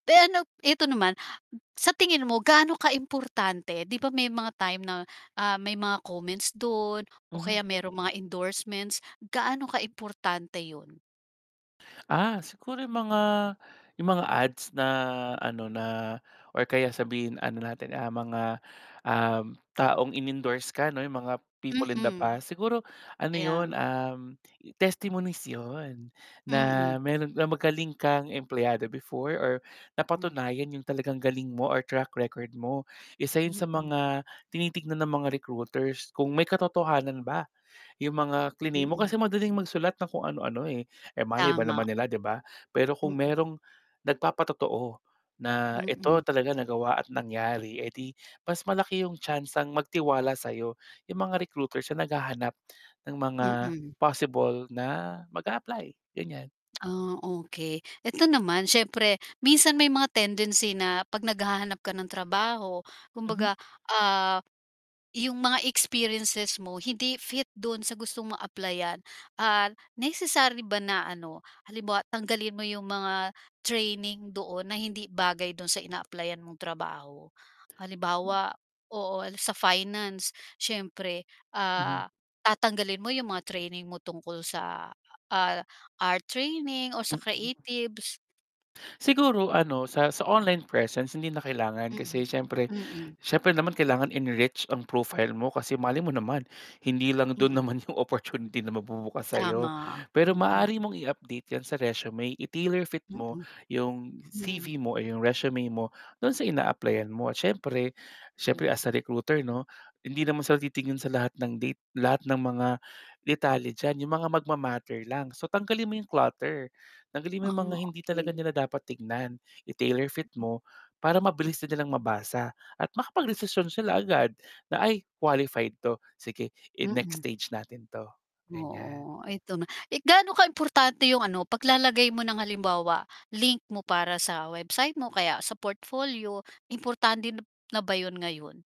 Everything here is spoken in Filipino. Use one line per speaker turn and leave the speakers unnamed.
Eh, ano p eto naman, sa tingin mo gaano kaimportante, 'di ba, may mga time na, ah, may mga comments do'n, o
Mhm.
kaya mayrong mga endorsements, gaano kaimportante 'yun?
Ah, siguro yung mga, yung mga ads na ano, na, or kaya sabihin ano natin, ah, mga, um, taong inendorse ka 'no, yung mga people in the
Mm,
past, siguro ano
Kaya
'yun,
nga.
um, testimonies 'yun, na
Mm.
mayro'n ka magaling kang empleyado before or
Hmm.
napatunayan yung talagang galing mo or track record mo. Isa 'yun sa
Mm.
mga tinitignan ng mga recruiters kung may katotohanan ba yung mga klinaim mo, kasi
Mm.
madaling magsulat ng kung ano-ano, eh, eh, malay ba naman
Tama.
nila 'di ba? Pero kung
Mm.
mayrong nagpapa-totoo, na ito
Mm.
talaga nagawa at nangyari, eh, 'di mas malaki yung tsansang magtiwala sa'yo, yung mga recruiters na naghahanap ng mga
Mm.
possible na mag-aapply, ganiyan.
Ah, okey, eto naman siyempre minsan may mga tendency na 'pag naghahanap ka ng trabaho,
Mhm.
kumbaga, ah, yung mga experiences mo hindi fit do'n sa gustong mong applyan, ah, necessary ba na ano, halimbawa tanggalin mo yung mga training doon na hindi bagay do'n sa ina-applyan mong trabaho?
Hmm.
Halimbawa oo sa finance siyempre,
Mhm.
ah, tatanggalin mo yung mga training mo tungkol sa, ah, art training o sa
Mm.
creatives.
Siguro ano sa sa online presence hindi na kailangan kasi
Mm,
siyempre,
mm.
siyempre naman kailangan enrich ang profile mo kasi malay mo naman, hindi lang do'n
Mm.
naman yung opportunity na magbubukas sa'yo.
Tama,
Pero
mm.
maaari mong i-update yan sa resume, i-tailor fit mo
Mm.
yung
Hmm.
CV mo or yung resume mo, do'n sa in-applyan mo, siyempre
M
siyempre as a recruiter 'no, hindi naman sila titingin sa lahat date lahat ng mga detalye diyan yung mga magma-matter lang so tanggalin mo yung clutter, tanggalin mo
Ah,
yung mga hindi talaga
okey.
nila dapat tingnan, i-tailor fit
Mm.
mo, para mabilis din nilang mabasa at makapag-desisyon sila agad na, "Ay, qualified 'to, sige i-next
Mm.
stage natin 'to." Ganiyan.
Oo, eto na, eh, gaano kaimportante yung ano paglalagay mo ng halimbawa, link mo para sa website mo, o kaya sa portfolio, importante na ba 'yun ngayon?